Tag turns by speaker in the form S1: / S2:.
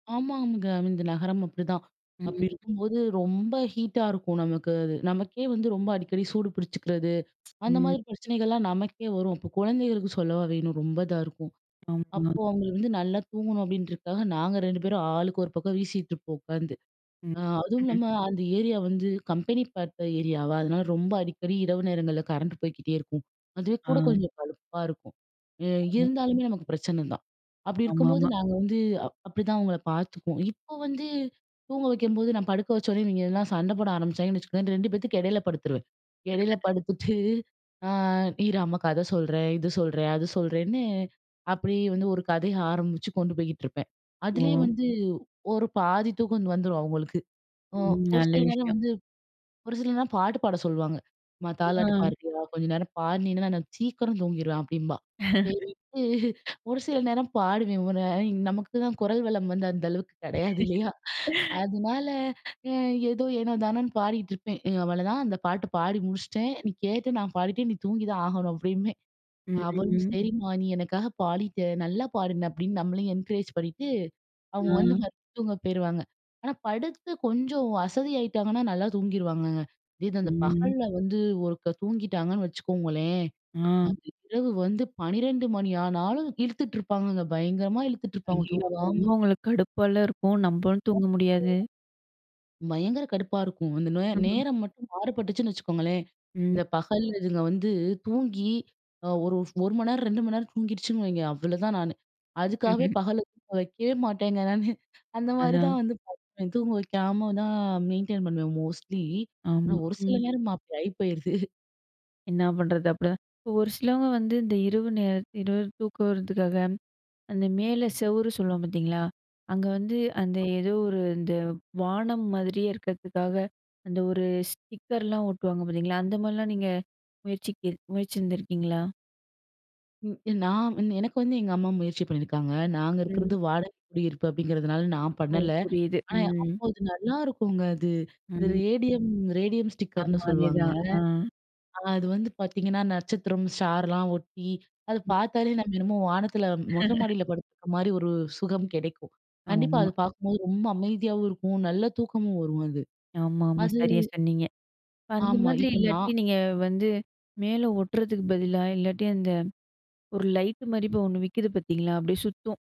S1: ஆமாம்ங்க. இந்த நகரம் அப்டிதான், அப்டி
S2: ம்.
S1: இருக்கும்போது ரொம்ப ஹீட்டா இருக்கும் நமக்கு அது. நமக்கே வந்து ரொம்ப அடிக்கடி சூடு பிடிச்சுக்கிறது, அந்த
S2: ம்.
S1: மாதிரி பிரச்சனைகள்லாம் நமக்கே வரும். அப்ப குழந்தைகளுக்கு சொல்லவா வேணும்? ரொம்ப இதாருக்கும்.
S2: ஆமா.
S1: அப்போ அவங்களுக்கு வந்து நல்லா தூங்கணும் அப்படின்றக்காக, நாங்க 2 பேரும் ஆளுக்கு ஒரு பக்கம் வீசிட்டுருப்போம் உட்காந்து.
S2: ம்,
S1: அ,
S2: ம்ஹ்ம்.
S1: அதுவும்ல்லாம, அந்த ஏரியா வந்து கம்பெனி பார்த்த ஏரியாவா! அதனால ரொம்ப அடிக்கடி இரவு நேரங்கள்ல கரண்ட் போய்க்கிட்டே இருக்கும். அதுவே கூட
S2: அ.
S1: கொஞ்சம் கடுப்பா இருக்கும். எ இருந்தாலுமே நமக்கு பிரச்சனை தான். அப்படி இருக்கும்போது
S2: ஆமாமா.
S1: நாங்க வந்து, அ அப்டிதான் அவங்கள பாத்துக்குவோம். இப்ப வந்து, தூங்க வைக்கும்போது நான் படுக்க வச்ச உடனே இவிங்கெல்லாம் சண்ட போட ஆரம்பிச்சாங்கன்னு வச்சுக்கோங்க, இந்த 2 பேத்து எடையில படுத்துருவேன். இடையில படுத்துட்டு, ஆ இரு அம்மா கத சொல்றேன், இது சொல்றேன், அது சொல்றேன்னு, அப்படியே வந்து ஒரு கதைய ஆரம்பிச்சு கொண்டு போயிகிட்டுருப்பேன். அதிலேயே
S2: ஓ!
S1: வந்து ஒரு பாதி தூக்கம் வந்துரும் அவங்களுக்கு. ஒ
S2: ம்,
S1: ஒரு
S2: நல்ல
S1: சில நேரம்
S2: விஷயம்.
S1: வந்து ஒரு சில நேரம் பாட்டு பாட சொல்லுவாங்க. "மா தாலாட்டு
S2: அ.
S1: பாடுறியா, கொஞ்ச நேரம் பாடுனினா, நான் நான் சீக்கிரம் தூங்கிருவேன் அப்படிம்பா. செரிண்டு, ஒரு சில நேரம் பாடுவேன். ஒ ந நமக்குதான் குரல்வளம் வந்து அந்த அளவுக்கு கிடையாது இல்லயா? அதனால, அ ஏதோ, எனோ தானோன்னு பாடிக்கிட்ருப்பேன். அ அவளதான். அந்த பாட்டு பாடி முடிச்சிட்டேன், நீ கேட்டு நான் பாடிட்டேன், நீ தூங்கி தான் ஆகணும் அப்டிம்பேன்.
S2: ம்.
S1: அவளும்
S2: ம்.
S1: "சரிம்மா, நீ எனக்காக பாடிட்ட, நல்லா பாடுன" அப்டின்னு நம்மளையும் என்கரேஜ் பண்ணிட்டு, அவங்க வந்து
S2: அ.
S1: மெத்துக்கு தூங்க போய்ருவாங்க. ஆனா படுத்து கொஞ்சம் அசதியாகிட்டாங்கன்னா, நல்லா தூங்கிருவாங்கங்க. இதே இது அந்த
S2: ம்.
S1: பகல்ல வந்து ஒருக்கா தூங்கிட்டாங்கன்னு வச்சுக்கோங்களேன்,
S2: ஆ.
S1: அந்த இரவு வந்து 12 மணி ஆனாலும் இழுத்துட்டுருப்பாங்கங்க, பயங்கரமா இழுத்துட்டுருப்பாங்க
S2: ஐயயோ! அப்ப
S1: தூங்காம.
S2: ரொம்ப உங்களுக்கு கடுப்பால இருக்கும், நம்பளும்
S1: [unintelligible]
S2: தூங்க முடியாது.
S1: பயங்கர கடுப்பா இருக்கும். அந்த நோ
S2: ம்ஹ்ம்.
S1: நேரம் மட்டும் மாறுபட்டுச்சுன்னு வச்சுக்கோங்களேன்,
S2: ம்.
S1: இந்த பகல்ல இதுங்க வந்து தூங்கி, அ ஒரு ஃப் 1 மணி நேரம் 2 மணி நேரம் தூங்கிடுச்சுன்னு வைங்க, அவ்வளோதான் நானு. அதுக்காகவே
S2: ம்ஹ்ம்.
S1: பகல்ல தூங்க வைக்கவே மாட்டேங்க நானு. அந்த மாரி
S2: அதான்.
S1: தான் வந்து பண்ணுவேன். தூங்க வைக்காம தான் மெயின்டெயின் பண்ணுவேன் மோஸ்ட்லி. ஆனா
S2: ஆமா.
S1: ஒரு சில
S2: ம்.
S1: நேரம் அப்டி ஆயி போயிருது.
S2: என்னா பண்ணுறது? அப்டிதான் இப்ப ஒரு சிலவங்க வந்து இந்த இரவு நேரம் இரவு தூக்கம் வர்றதுக்காக, அந்த மேலே செவுறு சொல்வோம் பாத்தீங்களா? அங்க வந்து, அந்த ஏதோ ஒரு இந்த வானம் மாதிரியே இருக்கதுக்காக அந்த ஒரு ஸ்டிக்கர்லாம் ஓட்டுவாங்க பார்த்தீங்களா? அந்த மாதிரிலாம் நீங்க முயற்சிக் முயற்சிந்ருக்கீங்களா?
S1: ம். நான் எனக்கு வந்து எங்க அம்மா முயற்சி பண்ணியிருக்காங்க. நாங்க
S2: ம்.
S1: இருக்கது வாடக குடியிருப்பு அப்டிங்கிறதுனால நான்
S2: ஓ!
S1: பண்ணல.
S2: புரியுது.
S1: ஆனா
S2: ம்.
S1: அப்போ அது நல்லாயிருக்குங்க அது. இந்த
S2: ம்.
S1: ரேடியம் ரேடியம் ஸ்டிக்கர்னு
S2: ஆமா,
S1: சொல்லுவாங்க.
S2: அதேதான். அ.
S1: அ அது வந்து பார்த்தீங்கன்னா, நட்சத்திரம், ஸ்டார்லாம் ஒட்டி, அத
S2: ம்.
S1: பாத்தாலே நம்ம என்னமோ வானத்தில, மொட்ட மாடியில படுத்துக்க மாரி ஒரு சுகம் கிடைக்கும். கண்டிப்பா
S2: ஆமா.
S1: அத பாக்கும்போது ரொம்ப அமைதியாவும் இருக்கும். நல்ல தூக்கமும் வரும் அது.
S2: ஆமாமா,
S1: அது
S2: சரியா சொன்னீங்க. இப்ப அந்த
S1: ஆமா,
S2: மாதிரி
S1: இப்ப
S2: இல்லாட்டி,
S1: நான்
S2: நீங்க வந்து மேல ஒட்றதுக்கு பதிலா, இல்லாட்டி அந்த ஒரு லைட் மாரி இப்ப ஒண்ணு விக்குது பார்த்தீங்களா? அப்படியே சுத்தும்.